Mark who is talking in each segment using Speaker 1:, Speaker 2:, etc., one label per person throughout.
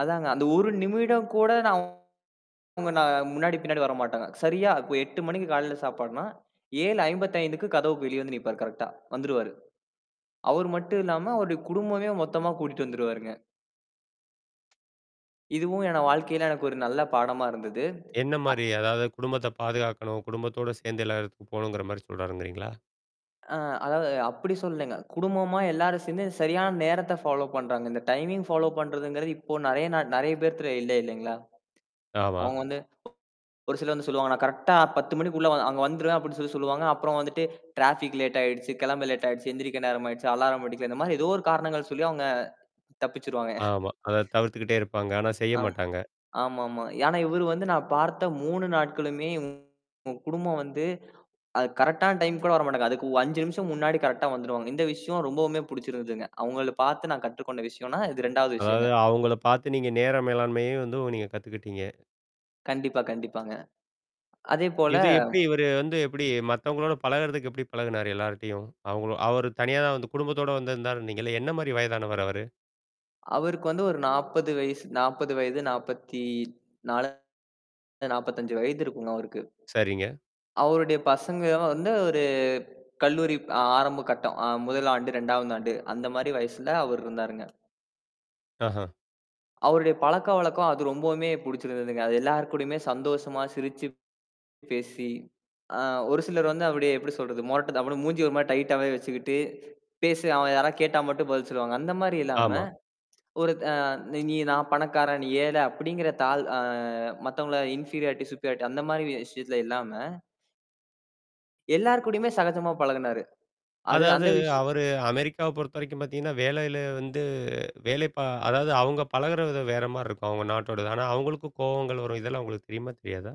Speaker 1: அதாங்க, அந்த 1 நிமிடம் கூட நான் உங்க நான் முன்னாடி, பின்னாடி வரமாட்டாங்க. சரியா இப்ப 8:00 மணிக்கிக் காலையில சாப்பாடுன்னா 7:55 கதவுக்கு வெளிய வந்து நிற்ப்பார், கரெக்டா. வந்துருவாரு. அவர் மட்டுமில்லாம அவருடைய குடும்பமே மொத்தமா கூட்டிட்டு வந்துருவாருங்க. இதுவும் எனனோட வாழ்க்கையில எனக்கு ஒரு நல்ல பாடமா இருந்தது. அ
Speaker 2: என்னமாரி? அதாவது குடும்பத்தைப் பாதுகாக்கணும். குடும்பத்தோட சேர்ந்து எல்லாரும் போணுங்கிறமாரி சொல்றாருங்கிறீங்களா?
Speaker 1: அ அதாவது அப்பிடி சொல்லேங்க. குடும்பமா எல்லாரும் சேர்ந்து சரியான நேரத்த ஃபாலோப் பண்றாங்க. இந்த டைமிங் ஃபாலோப் பண்றதுங்கிறது இப்ப நிறைய ந நிறைய பேர்க்கிட்ட இல்ல, இல்லேங்களா!
Speaker 2: ஆமா.
Speaker 1: அவுங்க வந்து ஒரு சிலர் வந்து சொல்லுவாங்க, "நான் கரெக்டா 10:00 மணிக்குள்ள வந் அங்க வந்துருவேன்" அப்பபிடின்னு சொல்லிச் சொல்லுவாங்க. அப்புறம் வந்துட்டு டிராபிக் லேட் ஆயிடுச்சு, கிளம்ப லேட் ஆயிடுச்சு, எந்திரிக்க நேரம் ஆயிடுச்சு, அலாரம் அடிக்கல, இந்தமாரி ஏதோ ஒரு காரணங்கள் சொல்லி அவுங்க தப்பிச்சிருவாங்க.
Speaker 2: ஆமா. அதத் தவிர்த்துக்கிட்டே இருப்பாங்க. ஆனா
Speaker 1: ஆம்,
Speaker 2: செய்யமாட்டாங்க.
Speaker 1: ஆமா, ஆமா. ஏன்னா இவரு வந்து நான் பார்த்த 3 நாட்களுமே இவுங்க குடும்பம் வந்து அது கரெக்டான்ன டைம் கூட வரமாட்டாங்க. அதுக்கு 5 நிமிஷம் முன்னாடி கரெக்டா வந்துருவாங்க. இந்த விஷயம் ரொம்பவுமே பிடிச்சிருந்துச்சுங்க. அவங்கள பார்த்து நான் கற்றுக்கொண்ட விஷயோன்னா, இது 2வது
Speaker 2: அதாவது,
Speaker 1: விஷயங்க.
Speaker 2: அவுங்கள பார்த்து நீங்க நேர மேலாண்மையும் வந்து நீங்கக் கத்துக்கிட்டீங்க.
Speaker 1: கண்டிப்பா, கண்டிப்பாங்க. அதே போல
Speaker 2: இது எப்பிடி இவரு வந்து எப்பிடி மத்தவங்களோட பழகிறதுக்கு எப்பிடி பழகுனாரு? எல்லார்ட்டயும். அவுங்க அவரு தனியா தான் வந்து குடும்பத்தோட வந்திருந்தாருனீங்கள்ல, என்னமாரி வயதானவர் அவரு?
Speaker 1: அவருக்கு வந்து ஒரு 40 வயசு. 40 வயது. 44 என்ன 45 வயது இருக்குங்க அவருக்கு.
Speaker 2: சரிங்க.
Speaker 1: அவருடைய பசங்க வந்து ஒரு கல்லூரி ஆ ஆரம்பக் கட்டம். ஆ, 1 ஆண்டு, 2வது ஆண்டு அந்தமாரி வயசுல அவர் இருந்தாருங்க.
Speaker 2: ஆஹா!
Speaker 1: அவருடைய பழக்கவழக்கம் அது ரொம்பவுமே பிடிச்சிருந்ததுங்க. அது எல்லார்க்கூடயுமே சந்தோஷமா சிரிச்சு பேசி அ, ஒருசிலர் வந்து அவருடைய எப்பிடி சொல்றது? மொறட்டு அப்பிடியே மூஞ்ச ஒருமாரி டைட்டாவே வச்சுக்கிட்டு பேசு. அவன் யாரா கேட்டா மட்டும் பதில் சொல்லுவாங்க. அந்தமாரி இல்லாம
Speaker 2: ஆமா.
Speaker 1: ஒரு அ நீங்க இங்க நான் பணக்காரன், நீ ஏழை அப்பிடிங்கிறதால தாழ் அ, மத்தவங்கள இன்ஃபிரியாரிட்டி, சுப்பீரியாரிட்டி அந்தமாரி வி விஷயத்துல இல்லாம எல்லார்க்கூடயுமே சகஜமா பழகுனாரு. அது அந்த
Speaker 2: அதாவது,
Speaker 1: விஷ்
Speaker 2: அவரு அமெரிக்காவ பொறுத்தவரைக்கும் பார்த்தீங்கன்னா, வேலையில வந்து, வேலைப்பா அதாவது அவுங்க பழகுற விதம் வேற மாரி இருக்கும், அவுங்க நாட்டோடது. ஆனா அவுங்களுக்கும் கோவங்கள் வரும். இதெல்லாம் உங்களுக்குத் தெரியுமா? தெரியாதா?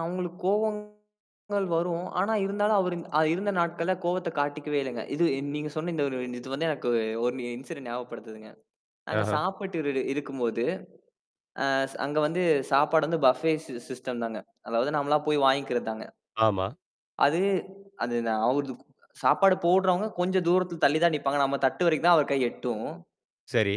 Speaker 1: அவுங்களுக்கு கோவங்கள் வரும். ஆனா இருந்தாலும் அவரு அ இருந்த நாட்கள்ல கோவத்தக் காட்டிக்கவே இல்லேங்க. இது இ நீங்க சொன்ன இந்த ஒரு இது வந்து எனக்கு ஒரு இன்சிடென்ட் ஞாபகப்படுத்துதுங்க. நாங்க
Speaker 2: ஆஹா!
Speaker 1: சாப்பிட்டு இரு இருக்கும்போது அ அங்க வந்து சாப்பாடு வந்து பஃபே சி சிஸ்டம் தாங்க. அதாவது நம்மல்லா போய் வாங்கிக்கிறதுதாங்க.
Speaker 2: ஆமா.
Speaker 1: அது அது நான் அவருது சாப்பாடு போடுறவுங்க கொஞ்சம் தூரத்து தள்ளிதான் நிப்பாங்க. நம்ம தட்டு வரைக்கும் தான் அவரு கை எட்டும்.
Speaker 2: சரி.